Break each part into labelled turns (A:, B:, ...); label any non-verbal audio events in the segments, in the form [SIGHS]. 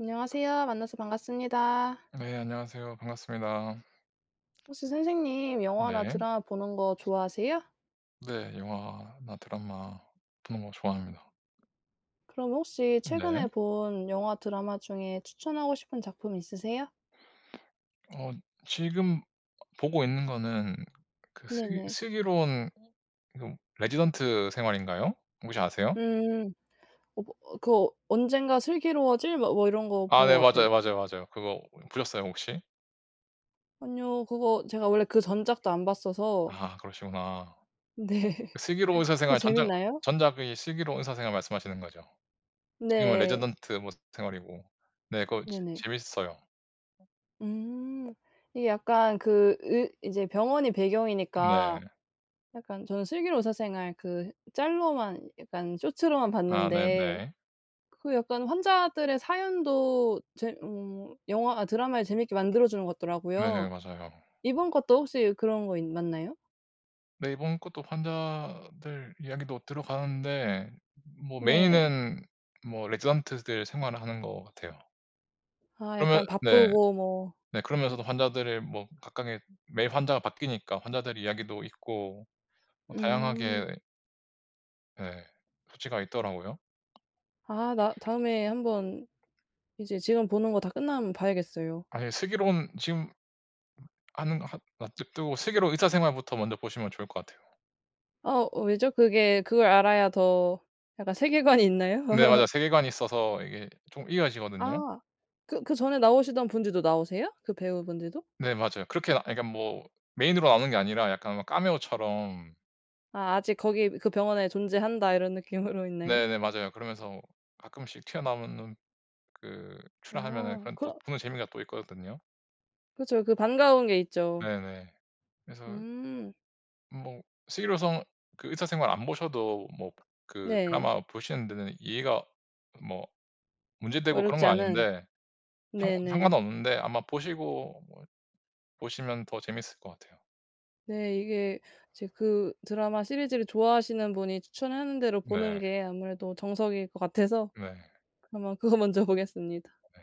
A: 안녕하세요. 만나서 반갑습니다.
B: 네 안녕하세요. 반갑습니다.
A: 혹시 선생님 영화나
B: 네.
A: 드라마 보는 거 좋아하세요?
B: 네. 영화나 드라마 보는 거 좋아합니다.
A: 그럼 혹시
B: 네.
A: 최근에 본 영화, 드라마 중에 추천하고 싶은 작품 있으세요?
B: 어 지금 어 보고 있는 거는 그 슬기
A: 네네.
B: 슬기로운 그 레지던트 생활인가요? 혹시 아세요?
A: 음. 어 뭐 그 어 언젠가 슬기로워질 막 뭐 이런 거
B: 아
A: 본 것
B: 네.
A: 같아요.
B: 맞아요. 맞아요. 맞아요. 그거 보셨어요, 혹시?
A: 아니요. 그거 제가 원래 그 전작도 안 봤어서
B: 아 그러시구나.
A: 네.
B: 그 슬기로운 의사
A: 그거
B: 생활 전작
A: 재밌나요?
B: 전작의 슬기로운 의사 생활 말씀하시는 거죠? 지금은
A: 네.
B: 레지던트 뭐 생활이고. 네, 그거 재
A: 네네.
B: 재밌어요.
A: 음. 이게 약간 그 의 인제 병원이 배경이니까
B: 네.
A: 약간 저는 슬기로운 의사 생활 그 짤로만 약간 쇼츠로만
B: 아
A: 봤는데
B: 네네.
A: 그 약간 환자들의 사연도 재 어 영화나 드라마를 재밌게 만들어 주는 것
B: 네네.
A: 같더라고요.
B: 맞아요.
A: 이번 것도 혹시 그런 거 있 맞나요?
B: 네. 이번 것도 환자들 이야기도 들어가는데 뭐
A: 네.
B: 메인은 뭐 레지던트들 생활을 하는 것 같아요.
A: 아.
B: 그러면
A: 약간
B: 네.
A: 바쁘고 뭐
B: 네 그러면서도 환자들의 뭐 각각의 매일 환자가 바뀌니까 환자들의 이야기도 있고 뭐
A: 음.
B: 다양하게 예. 수치가 있더라고요.
A: 아. 나 다음에 한번 이제 지금 보는 거 다 끝나면 봐야겠어요.
B: 아 예. 슬기로운 지금 음 하는 하 [UNINTELLIGIBLE] 도 슬기로운 의사 생활부터 먼저 보시면 좋을 것 같아요.
A: 어. 왜죠? 그게 그걸 알아야 더 약간 세계관이 있나요?
B: 네. 맞아요.
A: [LAUGHS]
B: 세계관이 있어서 이게 좀 이어지거든요.
A: 아. 그 그 전에 나오시던 분들도 나오세요? 그 배우분들도?
B: 네. 맞아요. 그렇게 아 그러니까 뭐 메인으로 나오는 게 아니라 약간 막 카메오처럼
A: 아. '아직 거기 그 병원에 존재한다.' 이런 느낌으로 있나요?
B: 네네. 맞아요. 그러면서 가끔씩 튀어나오는 그 출연하면은
A: 아.
B: 그런 또
A: 그럼
B: 보는 재미가 또 있거든요.
A: 그쵸. 그 반가운 게 있죠.
B: 네네. 그래서
A: 음.
B: 뭐 슬기로운 성 그 의사 생활 안 보셔도 뭐 그
A: 네.
B: 드라마 보시는 데는 이해가 뭐 문제 되고 그런
A: 어렵지
B: 건
A: 않은.
B: 아닌데 상 상관은
A: 네네.
B: 없는데 아마 보시고 뭐 보시면 더 재밌을 것 같아요.
A: 네 이게 이제 그 드라마 시리즈를 좋아하시는 분이 추천하는 대로
B: 네.
A: 보는 게 아무래도 정석일 것 같아서.
B: 네.
A: 그러면 그거 먼저 보겠습니다.
B: 네.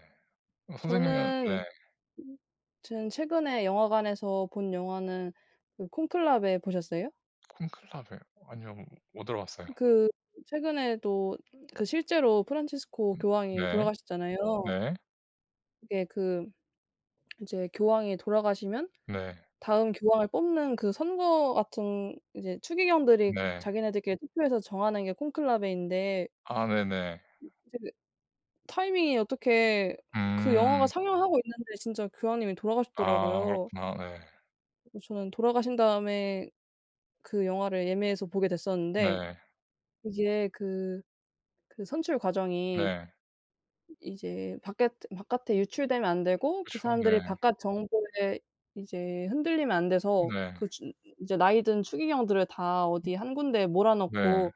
B: 어 선생님은 네.
A: 저는 [UNINTELLIGIBLE] 지금 최근에 영화관에서 본 영화는 어 콘클라베 보셨어요?
B: 콘클라베. 아니요. 못 들어 봤어요.
A: 그 최근에도 그 실제로 프란치스코
B: 음
A: 교황이
B: 네.
A: 돌아가셨잖아요.
B: 네.
A: 이게 그 이제 교황이 돌아가시면
B: 네.
A: 다음 교황을 뽑는 그 선거 같은 이제 추기경들이
B: 네.
A: 자기네들끼리 투표해서 정하는 게 콘클라베인데
B: 아 네네. 음.
A: 이제 그 이제 타이밍이 어떻게 그 영화가
B: 음.
A: 상영하고 있는데 진짜 교황님이
B: 아
A: 돌아가셨더라고요.
B: 그렇구나. 네.
A: 어 저는 돌아가신 다음에 그 영화를 예매해서 보게
B: 읍
A: 됐었는데.
B: 네.
A: 이게 그 그 선출 과정이
B: 네.
A: 이제 바꺁에 바깥에 유출되면 안 되고 그
B: 그쵸
A: 사람들이
B: 네.
A: 바깥 정보에 이제 흔들리면 안 돼서
B: 네.
A: 그 준 이제 나이 든 추기경들을 다
B: 음.
A: 어디 1 군데에 몰아
B: 네.
A: 넣고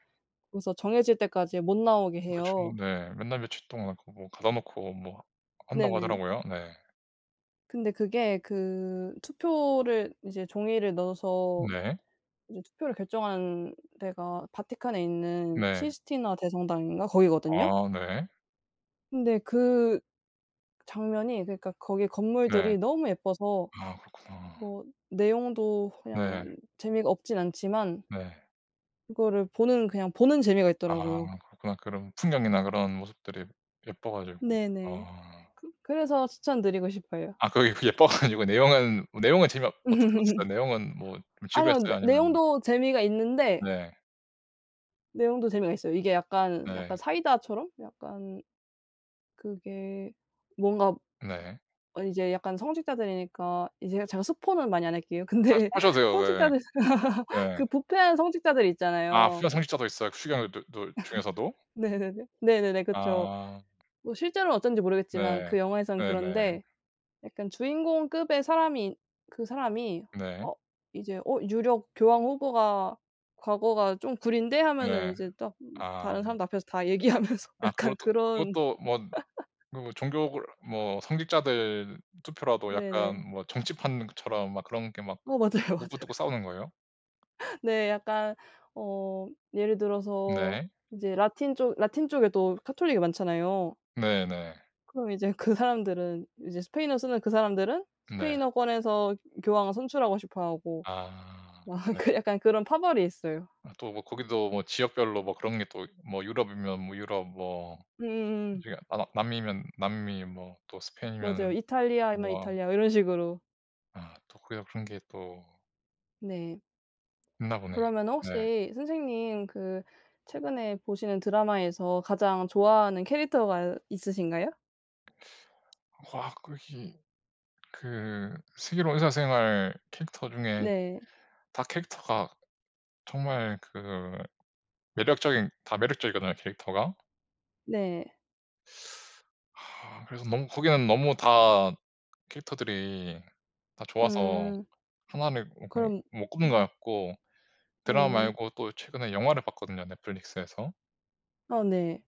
A: 거기서 정해질 때까지 못 나오게
B: 그렇죠
A: 해요.
B: 네. 몇 날 며칠 동안 그 뭐 가둬 놓고 뭐 한다고
A: 네네.
B: 하더라고요. 네.
A: 근데 그게 그 투표를 이제 종이를 넣어서
B: 네.
A: 이제 투표를 결정한 데가 바티칸에 있는
B: 네.
A: 시스티나 대성당인가 거기거든요.
B: 아. 네.
A: 근데 그 장면이 그니까 거기
B: 네.
A: 건물들이 너무 예뻐서
B: 아. 그렇구나.
A: 뭐 내용도
B: 네.
A: 그냥 재미가 없진 않지만
B: 네.
A: 그거를 보는 그냥 보는 재미가 있더라고요.
B: 아. 그렇구나. 그런 풍경이나 그런 모습들이 예뻐 가지고.
A: 네네.
B: 아.
A: 그 그래서 추천 드리고 싶어요.
B: 아. 그게 그 예뻐 가지고 내용은 뭐 내용은 재미없 어떻게 없었
A: [LAUGHS]
B: 내용은 뭐 좀
A: 아니요.
B: 지루했어요?
A: 내
B: 아니면은
A: 내용도 재미가 있는데
B: 네.
A: 내용도 재미가 있어요. 이게 약간 약간
B: 네.
A: 사이다처럼 약간 그게 뭔가
B: 네.
A: 아니 이제 약간 성직자들이니까 이 제가 제가 스포는 많이 안 할게요.
B: 하셔
A: 근데
B: 하셔도 돼요. 네네.
A: 성직자들 [LAUGHS]
B: 네.
A: 그 부패한 성직자들
B: 아. 부패한
A: 있잖아요.
B: 성직자도 있어요, 추기경 두 둘 중에서도?
A: [LAUGHS] 네네네. 네네네. 그쵸.
B: 아.
A: 뭐 실제로는 어떤지 모르겠지만
B: 네.
A: 그 영화에서는
B: 네네.
A: 그런데 약간 주인공급의 사람인 그 사람이
B: 네.
A: '어 이제 어 유력 교황 후보가 과거가 좀 구린데?' 하면은
B: 네.
A: 이제 딱 막
B: 아.
A: 다른 사람들 앞에서 다 얘기하면서
B: 아.
A: 약간
B: 그것도
A: 그런
B: 그것도 뭔 그
A: [LAUGHS]
B: 뭐 종교 그러 뭐 성직자들 투표라도 약간
A: 네네.
B: 뭐 정치판 그 처럼 막 그런 게 막
A: 어. 맞아요, 맞아요.
B: 먹고 뜯고 싸우는 거예요?
A: 네. 약간 어 예를 들어서
B: 네.
A: 이제 라틴 쪽 라틴 쪽에도 가톨릭이 많잖아요.
B: 네 네.
A: 그럼 이제 그 사람들은 이제 스페인어 쓰는 그 사람들은
B: 네.
A: 스페인어권에서 교황을 선출하고 싶어하고
B: 아.
A: 막
B: 네.
A: 그 약간 그런 파벌이 있어요.
B: 뭐 또 뭐 거기도 뭐 지역별로 뭐 그런 게 또 뭐 유럽이면 뭐 유럽 뭐 이
A: 음음음.
B: 중에 아 나 남미면 남미 뭐 또 스페인이면은
A: 맞아요. 이탈리아이면
B: 뭐
A: 이탈리아 이런 식으로.
B: 아 또 그여 그런 게 또
A: 네.
B: 있나 보네요.
A: 그러면은
B: 네.
A: 혹시 선생님 그 최근에 보시는 드라마에서 가장 좋아하는 캐릭터가 있으신가요?
B: [SUCKS TEETH] 와 거기 그 슬기로운 의사생활 캐릭터 중에
A: 네.
B: 다 캐릭터가 정말 그 매력적인 다 매력적이거든요 캐릭터가.
A: 네.
B: [SUCKS TEETH] [SIGHS] 그래서 너무 거기는 너무 다 캐릭터들이 다 좋아서
A: 음.
B: 1 를 이렇게
A: 그럼
B: 못 꼽는 것
A: 음.
B: 같고. 드라마
A: 음.
B: 말고 또 최근에 영화를 봤거든요 넷플릭스에서.
A: 아 네.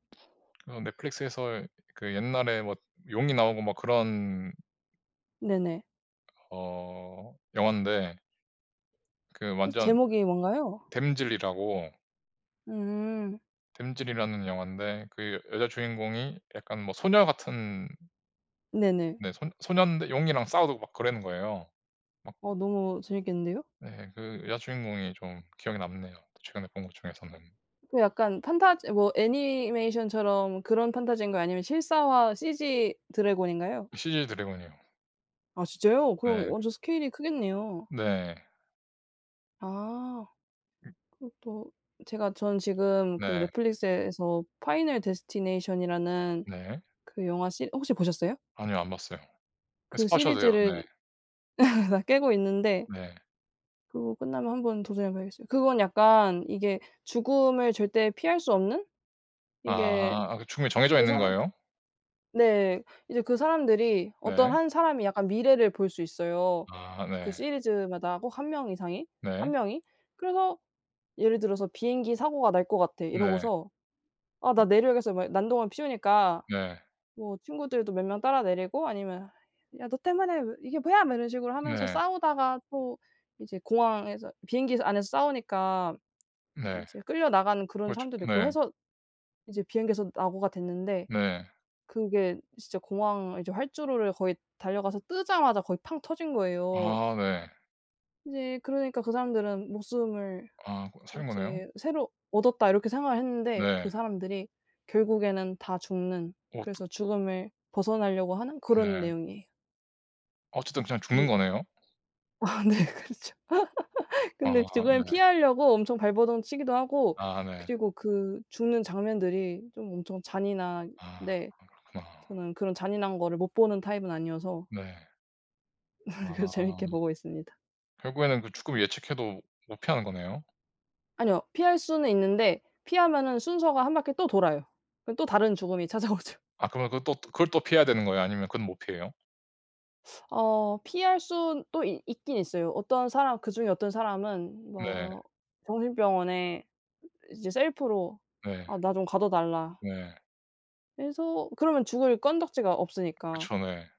B: 그 넷플릭스에서 그 옛날에 뭐 용이 나오고 막 그런
A: 네네.
B: 어 영환데 그
A: 혹시
B: 완전
A: 제목이 뭔가요?
B: 댐즐이라고
A: 음.
B: 댐즐이라는 영화인데 그 여자 주인공이 약간 뭐 소녀 같은
A: 네네.
B: 네 손 소년데 용이랑 싸우고 막 그러는 거예요. 막
A: 어 너무 재밌겠는데요.
B: 네 그 여자 주인공이 좀 기억에 남네요 최근에 본 것 중에서는.
A: 그거 약간 판타지 뭐 애니메이션처럼 그런 판타지인가요? 아니면 실사화 CG 드래곤인가요?
B: CG 드래곤이요.
A: 아 진짜요? 그럼
B: 네.
A: 완전 스케일이 크겠네요.
B: 네.
A: 아.
B: 음.
A: 그것도 제가 전 지금 그
B: 네.
A: 넷플릭스에서 '파이널 데스티네이션'이라는
B: 네.
A: 그 영화 시 혹시 보셨어요?
B: 아니요. 안 봤어요. 아
A: 그
B: 스포 하셔도 돼요.
A: 시리즈를
B: 네.
A: [LAUGHS] 다 깨고 있는데
B: 네.
A: 그거 끝나면 한번 도전해 봐야겠어요. 그건 약간 이게 죽음을 절대 피할 수 없는? 이게
B: 아. 아 그 죽음이 정해져
A: 그
B: 있는
A: 사람
B: 거예요?
A: 네. 이제 그 사람들이
B: 네.
A: 어떤 1 사람이 약간 미래를 볼 수 있어요.
B: 아.
A: 그
B: 네.
A: 시리즈마다 꼭 1 명 이상이, 1
B: 네.
A: 명이. 그래서 예를 들어서 "비행기 사고가 날 것 같아."
B: 네.
A: 이러고서 "아 나 내려야겠어." 막 난동을 피우니까
B: 네.
A: 뭐 친구들도 몇 명 따라 내리고 아니면 "야 너 때문에 왜 이게 뭐야?" 뭐 이런 식으로 하면서
B: 네.
A: 싸우다가 또 이제 공항에서 비행기에서 안에서 싸우니까
B: 네.
A: 이제 끌려나가는 그런
B: 그렇죠
A: 사람들도 있고
B: 네.
A: 해서 이제 비행기에서 낙오가 됐는데.
B: 네.
A: 그게 진짜 공항 이제 활주로를 거의 달려가서 뜨자마자 거의 팡 터진 거예요.
B: 아. 네.
A: 이제 그러니까 그 사람들은 '목숨을
B: 아 고 살은 거네요?
A: 이제 새로 얻었다.' 이렇게 생각을 했는데 그
B: 네.
A: 사람들이 결국에는 다 죽는
B: 어 또
A: 그래서 죽음을 벗어나려고 하는 그런
B: 네.
A: 내용이에요.
B: 어쨌든 그냥 죽는
A: 네.
B: 거네요.
A: 아, 네 그렇죠. [LAUGHS]
B: 아
A: 근데 죽음을
B: 네.
A: 피하려고 엄청 발버둥 치기도 하고
B: 아 네.
A: 그리고 그 죽는 장면들이 좀 엄청
B: 아
A: 잔인한데
B: 그건 그렇구나.
A: 저는 그런 잔인한 거를 못 보는 타입은 아니어서
B: 네.
A: [LAUGHS] 그래서 재밌게
B: 아.
A: 보고 있습니다.
B: 결국에는 그 죽음을 예측해도 못 피하는 거네요.
A: 아니요. 피할 수는 있는데 피하면은 순서가 1 바퀴 또 돌아요. 그럼 또 다른 죽음이 찾아오죠.
B: 아 그러면 그 또 뜨 그걸 또 피해야 되는 거예요, 아니면 그건 못 피해요?
A: [SUCKS TEETH] 어 피할 순 또 이 있긴 있어요. 어떤 사람 그중에 어떤 사람은
B: 네.
A: 뭐 정신병원에 이제 셀프로
B: 네.
A: "아 나 좀 가둬 달라"
B: 네.
A: 이래서 그러면 죽을 건덕지가 없으니까
B: 그쵸. 네.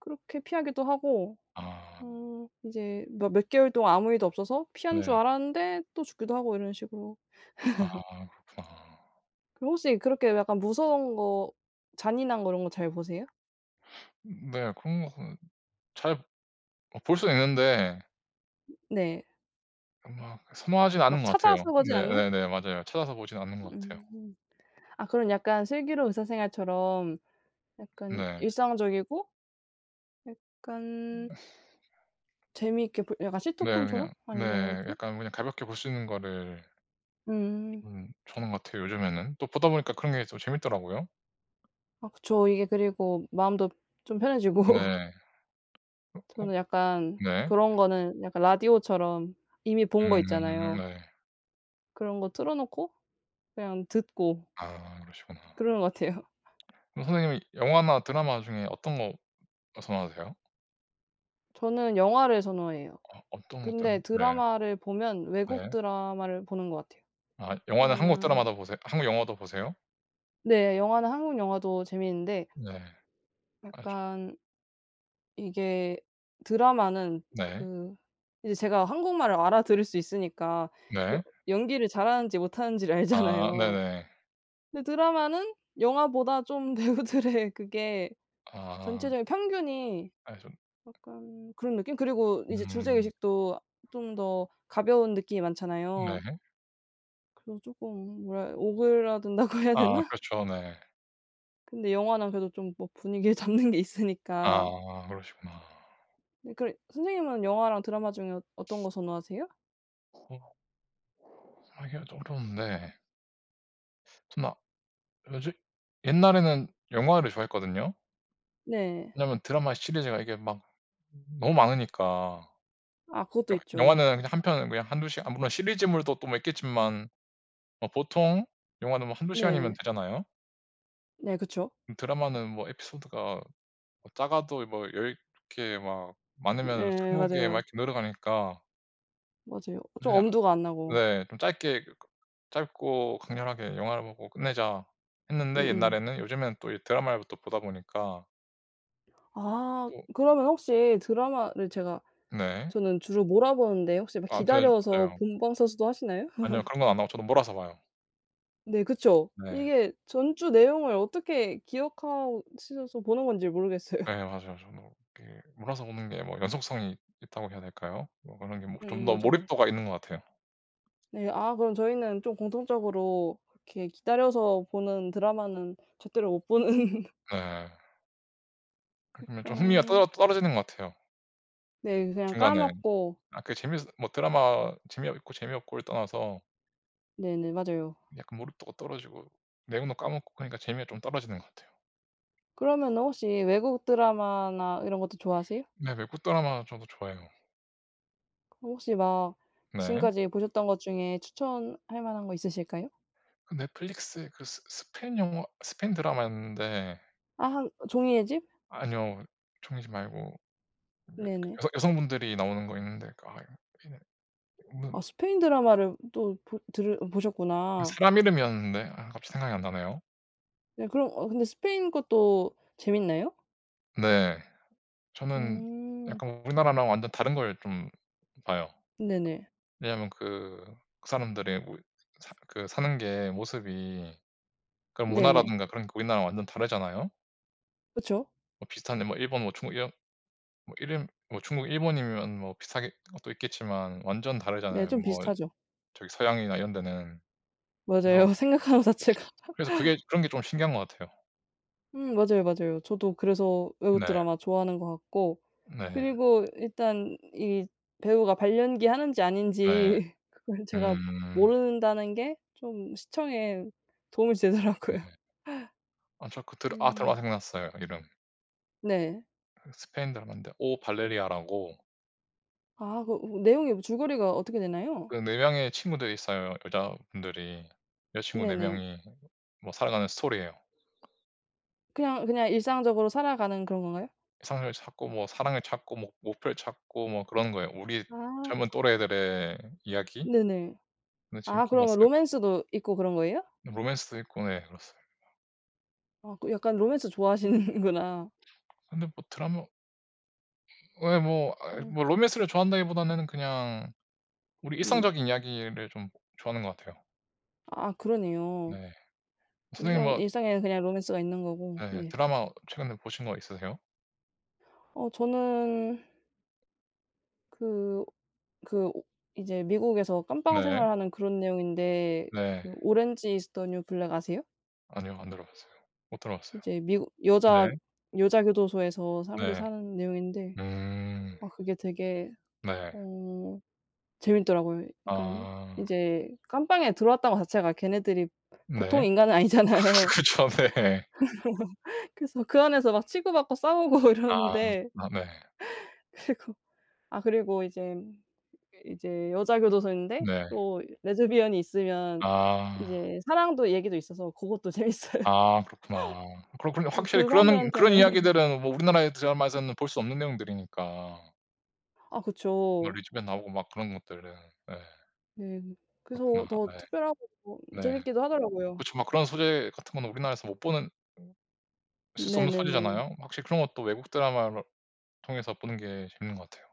A: 그렇게 피하기도 하고.
B: 아.
A: 어 이제 뭐 몇 개월 동안 아무 일도 없어서 피한 줄
B: 네.
A: 알았는데 또 죽기도 하고 이런 식으로.
B: 아
A: [LAUGHS]
B: 그렇구나.
A: 그럼 혹시 그렇게 약간 무서운 거, 잔인한 거 이런 거 잘 보세요?
B: [SNIFFS] 네 그런 거는 잘 어 볼 수는 있는데
A: 음 네.
B: 음 막 선호하진 않은
A: 막
B: 것 같아요.
A: 찾아서 보지 않는?
B: 네네네. 맞아요. 찾아서 보진 않는 것 같아요.
A: 음. 아 그럼 약간 '슬기로운 의사생활'처럼 약간
B: 네.
A: 일상적이고 약간
B: [GRUNTS]
A: 재미있게 볼 약간
B: 네
A: 시트콤처럼
B: 그냥
A: 아니
B: 네.
A: 뭐지?
B: 약간 그냥 가볍게 볼 수 있는 거를
A: 음.
B: 좀 좋아하는 것 같아요, 요즘에는. 또 보다 보니까 그런 게 또 재밌더라고요.
A: 아 그쵸. 이게 그리고 마음도 좀 편해지고.
B: 네. 어
A: 저는 약간
B: 네.
A: 그런 거는 약간 라디오처럼 이미 본 거
B: 음.
A: 있잖아요.
B: 네.
A: 그런 거 틀어놓고 그냥 듣고
B: 아, 그러시구나.
A: 그러는 것 같아요.
B: 그럼 선생님이 영화나 드라마 중에 어떤 거 선호하세요?
A: 저는 영화를 선호해요.
B: 아 어떤 것
A: 근데
B: 때문 네.
A: 드라마를 보면 외국
B: 네.
A: 드라마를 보는 것 같아요.
B: 아 영화는 한국
A: 왜냐하면
B: 드라마도 보세 한국 영화도 보세요?
A: 네. 영화는 한국 영화도 재미있는데
B: 네 아주
A: 약간 이게 드라마는
B: 네.
A: 그 이제 제가 한국말을 알아들을 수 있으니까 여
B: 네.
A: 연기를 잘하는지 못하는지를
B: 아
A: 알잖아요.
B: 네네.
A: 근데 드라마는 영화보다 좀 배우들의 그게
B: 아.
A: 전체적인 평균이
B: 알죠.
A: 약간 그런 느낌? 그리고 이제
B: 음.
A: 주제의식도 좀 더 가벼운 느낌이 많잖아요.
B: 네.
A: 그리고 쪼끔 뭐라해 오그라든다고 해야
B: 아
A: 되나?
B: 그렇죠. 네.
A: 근데 영화는 그래도 좀 뭐 분위기를 잡는 게 있으니까.
B: 아 그러시구나.
A: 네 그래 선생님은 영화랑 드라마 중에 어 어떤 거 선호하세요?
B: 어 하기가 좀 어려운데. [UNINTELLIGIBLE] 옛날에는 영화를 좋아했거든요.
A: 네.
B: 왜냐하면 드라마의 시리즈가 이게 막 너무 많으니까.
A: 아 그것도
B: 영
A: 있죠.
B: 영화는 그냥 한 편은 그냥 1, 2 시간 아 물론 시리즈물도 또 뭐 있겠지만 뭐 보통 영화는 뭐 1, 2 시간이면
A: 네.
B: 되잖아요.
A: 네 그쵸.
B: 음 드라마는 뭐 에피소드가 뭐 작아도 뭐 10 개 막 많으면은
A: 네
B: 20 개 막
A: 맞아요.
B: 이렇게 늘어가니까
A: 맞아요. 좀
B: 그냥
A: 엄두가 안 나고.
B: 네 좀 짧게 그 '짧고 강렬하게 영화를 보고 끝내자.'
A: 음
B: 했는데
A: 음.
B: 옛날에는 요즘에는 또 이 드라마를 또 보다 보니까
A: 아
B: 또
A: 그러면 혹시 드라마를 제가
B: 네.
A: 저는 주로 몰아보는데 혹시 막
B: 그 아무튼
A: 기다려서
B: 맞아요.
A: 본방 사수도 하시나요?
B: 아니요.
A: [LAUGHS]
B: 그런 건 안 하고 저도 몰아서 봐요.
A: 네. 그쵸.
B: 네.
A: 이게 전 주 내용을 어떻게 기억하고 있으셔서 보는 건지를 모르겠어요.
B: 네 맞아요 저도. 그 몰아서 보는 게 뭐 연속성이 있다고 해야 될까요? 뭐 그런 게 뭐 좀
A: 음
B: 더
A: 맞아요.
B: 몰입도가 있는 것 같아요.
A: 네. 아 그럼 저희는 좀 공통적으로 그렇게 기다려서 보는 드라마는 제대로 못 보는.
B: 네. 그러면 좀 흥미가
A: 약간.
B: 떨어 떨어지는 것 같아요.
A: 네 그냥
B: 중간에
A: 까먹고.
B: 아 그 재밌어도 뭐 드라마 재미 어 있고 재미없고를 떠나서
A: 네네. 맞아요.
B: 약간 몰입도가 떨어지고 내용도 까먹고 그러니까 재미가 좀 떨어지는 것 같아요.
A: 그러면은 혹시 외국 드라마나 이런 것도 좋아하세요?
B: 네. 외국 드라마 저도 좋아해요.
A: 그럼 혹시 막
B: 네.
A: 지금까지 보셨던 것 중에 추천할 만한 거 있으실까요?
B: 그 넷플릭스 그 스 스 스페인 영화 스페인 드라마였는데
A: 아 종이의 집?
B: 아니요. 종이의 집 말고. [UNINTELLIGIBLE]
A: 네네.
B: 여성 여성 분들이 나오는 거 있는데. 그 아 여 [UNINTELLIGIBLE] 무슨
A: 아 스페인 드라마를 또 보 들을
B: 뭐
A: 보셨구나.
B: 사람 이름이었는데. 아 갑자기 생각이 안 나네요.
A: 네 그럼 어 근데 스페인 것도 재밌나요?
B: 네. 저는
A: 음.
B: 약간 우리나라랑 완전 다른 걸 좀 봐요.
A: 네네.
B: 왜냐하면 그 그 사람들의 뭐 사 그 사는 게 모습이 그런
A: 네네.
B: 문화라든가 그런 게 우리나라랑 완전 다르잖아요.
A: 그쵸.
B: 뭐 비슷한데 뭐 일본 뭐 중국 이런 뭐 이름 뭐 중국, 일본이면 뭐 비슷하겠 것도 있겠지만 완전
A: 네.
B: 다르잖아요.
A: 좀
B: 뭐
A: 비슷하죠.
B: 저기 서양이나 이런 데는. 그래서,
A: 맞아요. 생각하는 자체가
B: 그래서 그게
A: [LAUGHS]
B: 그런 게 좀 신기한 것 같아요.
A: 음 맞아요, 맞아요. 저도 그래서 외국
B: 네.
A: 드라마 좋아하는 것 같고.
B: 네.
A: 그리고 일단 이 배우가 발연기 하는지
B: 네.
A: 아닌지 그거를 제가
B: 음.
A: 모른다는 게 좀 시청에 도움이
B: 네.
A: 되더라고요.
B: 아 저 그 들 아 드라마
A: 음.
B: 생각났어요 이름.
A: 네.
B: 스페인 드라마인데 오 발레리아라고
A: 아. 그 그 내용이 줄거리가 어떻게 되나요?
B: 그 4 명의 친구들이 있어요 여자분들이. 여자 친구 4
A: 네네.
B: 명이 뭐 살아가는 스토리예요.
A: 그냥, 그냥 일상적으로 살아가는 그런 건가요?
B: 이성을 찾고 뭐 사랑을 찾고 뭐 목 목표를 찾고 뭐 그러는 거예요. 우리
A: 아.
B: 젊은 또래들의 이야기?
A: 네네.
B: 네
A: 아
B: 재밌게
A: 그러면
B: 봤어요.
A: 로맨스도 있고 그런 거예요?
B: 로맨스도 있고 네 그렇습니다.
A: 아 그 약간 로맨스 좋아하시는구나.
B: 근데 뭐 드라마 예 뭐. 아이
A: 음.
B: 뭐 로맨스를 좋아한다기보다는 그냥 우리
A: 네네.
B: 일상적인 이야기를 좀 좋아하는 것 같아요.
A: 아. 그러네요.
B: 네. 선생님
A: 일상
B: 뭐
A: 일상에 그냥 로맨스가 있는 거고.
B: 네.
A: 네.
B: 드라마 최근에 보신 거 있으세요?
A: 어 저는 그, 그 오 이제 미국에서 감방
B: 네.
A: 생활하는 그런 내용인데
B: 네.
A: 그 '오렌지 이즈 더 뉴 블랙.' 아세요?
B: 아니요. 안 들어 봤어요. 못 들어 봤어요.
A: 이제 미국 여자,
B: 네.
A: 여자 교도소에서 사람들이
B: 네.
A: 사는 내용인데
B: 음.
A: 아 그게 되게
B: 네.
A: 어 재밌더라고요. 약간
B: 아.
A: 이제 감방에 들어왔다는 거 자체가 걔네들이
B: 네.
A: 보통
B: 아
A: 인간은
B: 그
A: 아니잖아요.
B: 그쵸. 네.
A: [LAUGHS] 그래서 그 안에서 막 치고받고 싸우고
B: 아.
A: 이러는데
B: 아 네.
A: [LAUGHS] 그리고 아 그리고 이제, 이제 여자 교도소인데
B: 네.
A: 또 레즈비언이 있으면
B: 아.
A: 이제 사랑도 얘기도 있어서 고것도 재밌어요. [LAUGHS]
B: 아. 그렇구나. 그렇군요.
A: 이
B: 확실히
A: 그
B: 그런, 그런
A: 사람들한테는
B: 이야기들은 뭐 우리나라의 드라마에서는 볼 수 없는 내용들이니까.
A: 아
B: 뭐
A: 그쵸.
B: 레즈비언 나오고 막 그런 것들은 예.
A: 네.
B: 그렇구나.
A: 그래서 더
B: 네.
A: 특별하고 또
B: 네.
A: 재밌기도 하더라고요.
B: 그쵸. 막 그런 소재 같은 거는 우리나라에서 못 보는 어 쓸 수 없는
A: 네네네.
B: 소재잖아요. 확실히 그런 것도 외국 드라마를 통해서 보는 게 재밌는 것 같아요.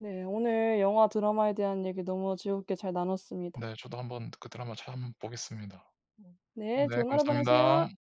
A: 네. 오늘 영화, 드라마에 대한 얘기 너무 즐겁게 잘 나눴습니다.
B: 네. 저도 한번 그 드라마 찾아 한번 보겠습니다. 어
A: 네.
B: 네
A: 좋은 하루 보내세요.
B: 감사합니다.